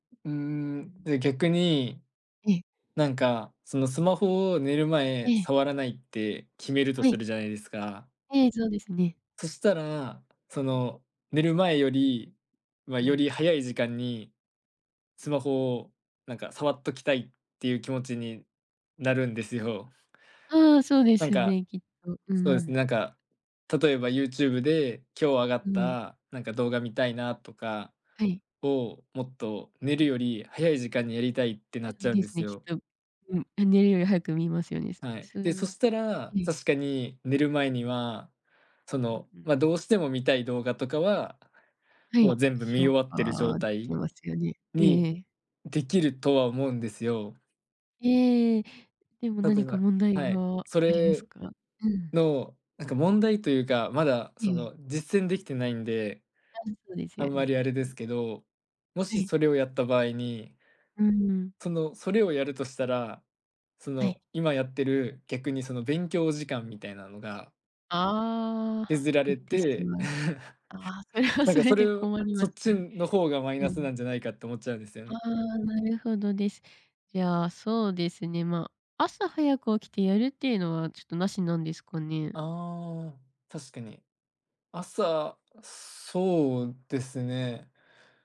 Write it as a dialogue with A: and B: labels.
A: うー
B: う
A: ん、
B: ん。
A: で、逆に、
B: ええ。
A: なんか、その、スマホを寝る
B: え
A: 前、
B: え。
A: 触らないって決めると
B: は
A: す
B: い。
A: るじゃないですか。
B: ええ、そうですね。
A: そしたら、その、寝る前より、ま、
B: う
A: よ
B: ん。
A: り早い時間にスマホを、なんか、触っときたいっていう気持ちになるんですよ。
B: ああ、そうで
A: なん
B: す
A: か
B: ね、きっと。うー
A: そうですね、
B: ん。
A: なんか、例えば YouTube で今日上が
B: う
A: っ
B: ーん。
A: た、なんか、動画見たいなとか
B: はい。
A: をもっと寝るより早い時間にやりたいってな
B: そ
A: っち
B: う
A: ゃうん
B: で
A: で
B: す
A: す
B: ね、きっ
A: よ。
B: と。うん。寝るより早く見ますよね。す
A: はい、で、そ
B: す
A: したら、
B: ええ。
A: 確かに寝る前には、そ
B: うん
A: の、
B: うん。
A: ま、どうしても見たい動画とかは、
B: は
A: も
B: い、
A: う、全部見終
B: 消
A: わってる状
B: 化でき
A: 態
B: ますよね。え
A: に
B: え。
A: できるとは思うんですよ。
B: ええ、でも
A: 例
B: 何
A: え
B: か
A: ば
B: 問題
A: はい、
B: があ
A: そ
B: ります
A: れ
B: か？うん。
A: の、なんか、問題というか、まだ、
B: え
A: そ
B: え。
A: の、実践できてないんで
B: 多分そうです
A: あ
B: よ
A: んまり、
B: ね。
A: あれです
B: ん。
A: けど、も
B: は
A: し
B: い。
A: それをやった場合に
B: うーん。
A: その、それをやるとしたら、そ
B: はい。
A: の、今やってる、逆に、その、勉強時間みたいなのが
B: ああ、
A: 削ら
B: 減っ
A: れ
B: てし
A: て
B: まう。ああ、それは
A: なん
B: そ
A: か、
B: れ
A: それ
B: で
A: を、
B: 困りま
A: そ
B: し
A: っ
B: た
A: ち
B: ね。
A: の方がマイ
B: う
A: ナス
B: ん。
A: なんじゃないかと思っちゃうんですよ
B: あ
A: ね。
B: あ、なるほどです。じゃあ、そうですね、まあ、朝早く起きてやるっていうのは、ちょっと、なしなんですかね？
A: ああ、確かに、朝、そうですね。